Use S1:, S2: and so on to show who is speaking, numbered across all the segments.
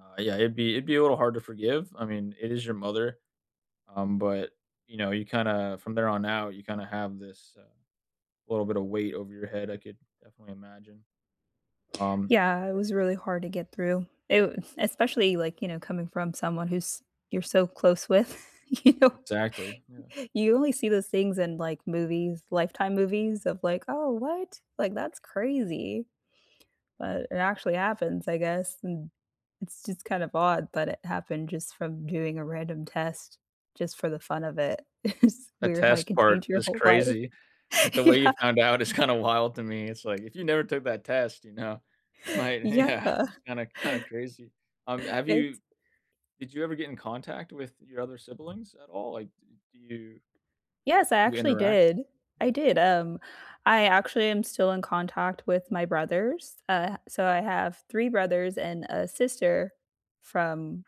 S1: Uh, yeah, it'd be it'd be a little hard to forgive. I mean, it is your mother. Um, but, you know, you kinda from there on out, you kinda have this, uh, little bit of weight over your head, I could definitely imagine, um
S2: Yeah, it was really hard to get through. It Especially, like, you know, coming from someone who's you're so close with you
S1: Exactly, yeah.
S2: you only see those things in, like, movies, Lifetime movies of, like, "Oh, what? Like, that's crazy." But it actually happens, I guess, n it's just kind of odd, but it happened just from doing a random test just for the fun of it. It's
S1: The
S2: weird how you
S1: test
S2: can
S1: part
S2: change your
S1: is
S2: whole life.
S1: crazy, like, the way you
S2: Yeah
S1: found out is kinda wild to me. It's like, if you never took that test, you know, you might Yeah.
S2: Yeah.
S1: It's kinda kinda crazy. Um, have you
S2: It's
S1: did you ever get in contact with your other siblings at all? Like, d do you
S2: Yes, I
S1: you
S2: actually
S1: interact?
S2: did. I did, um, I actually am still in contact with my brothers. Uh, I so I have 3 brothers and a sister from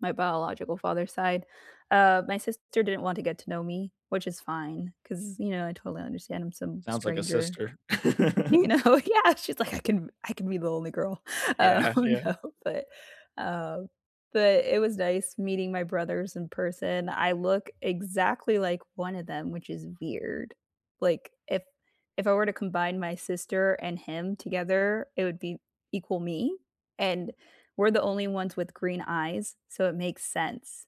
S2: my biological father's side. Uh, my sister didn't want to get to know me, which is fine 'cause, you know, I totally understand I'm some
S1: Sounds like a
S2: stranger.
S1: sister.
S2: You know? Yeah. She's, like, "I can I can be the only girl."
S1: Yeah,
S2: Oh,
S1: yeah.
S2: no, but, um, but it was nice meeting my brothers in person. I look exactly like one of them, which is weird. Like, if if I were to combine my sister and him together, it would be equal me, and we're the only ones with green eyes, so it makes sense.